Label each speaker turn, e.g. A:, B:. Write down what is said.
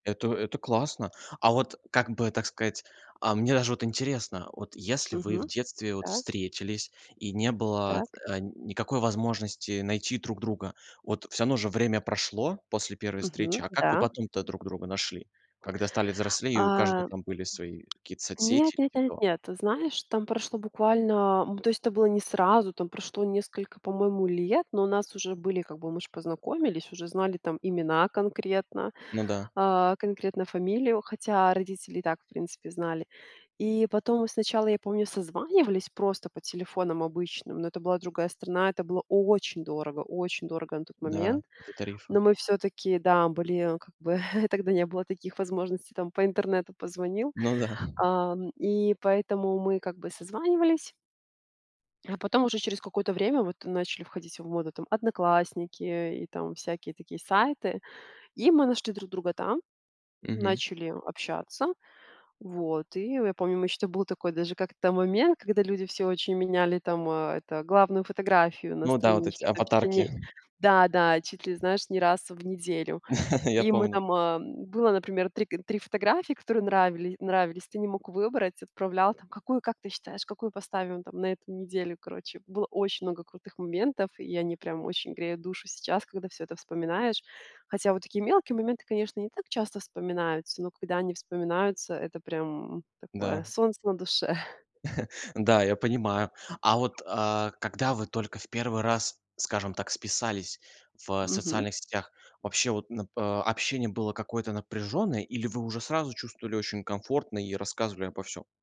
A: Это это классно. А вот как бы так сказать, а мне даже вот интересно: вот если вы в
B: Мгм.
A: детстве вот
B: Так.
A: встретились, и не было,
B: Так.
A: э, никакой возможности найти друг друга- вот, всё равно же время прошло после 1
B: Мгм,
A: встречи,- а как вы
B: да.
A: потом-то друг друга нашли, когда стали взрослее и у каждого
B: Э.
A: там были свои какие-то
B: Нет
A: соцсети,
B: нет
A: типа
B: нет
A: того?
B: нет, ты знаешь, там прошло буквально, м, то есть это было не сразу- там прошло несколько, по-моему, лет, но у нас уже были, как бы, мы ж познакомились, уже знали там имена конкретно,
A: Ну да.
B: э, конкретно фамилию, хотя родители и так, в принципе, знали. И потом мы сначала, я помню, созванивались просто по телефонам обычным, но это была другая страна- это было очень дорого, очень дорого на тот
A: Да,
B: момент.
A: до
B: Но
A: тарифа.
B: мы всё-таки, да, были, как бы, тогда не было таких возможностей, там, по интернету позвонил.
A: Ну да.
B: Ам, и поэтому мы как бы созванивались. А потом, уже через какое-то время вот, начали входить в моду там "Одноклассники", и там всякие такие сайты. И мы нашли друг друга там,
A: Мгм.
B: начали общаться. Вот, и я я помню, мы еще, там был такой даже как-то момент, когда люди все очень меняли там, э, это, главную фотографию на
A: Ну да, вот эти,
B: страничке там чуть ли не
A: аватарки.
B: Да, да, чуть ли, знаешь, не раз в неделю.
A: Я
B: И мы
A: помню.
B: там э было, например, 3 г 3 фотографии, которые нравили нравились. Ты не мог выбрать, отправлял там: "Какую, как ты считаешь, какую поставим там на эту неделю?" Короче, было очень много крутых моментов, и они прям очень греют душу сейчас, когда всё это вспоминаешь. Хотя вот такие мелкие моменты, конечно, не так часто вспоминаются, но когда они вспоминаются, это прям такое
A: Да.
B: солнце на душе.
A: Да, я понимаю. А вот, э, когда вы только в первый раз, скажем так, списались в
B: Мгм.
A: социальных сетях, вообще вот, н э, общение было какое-то напряженное, или вы уже сразу чувствовали очень комфортно и рассказывали обо всём?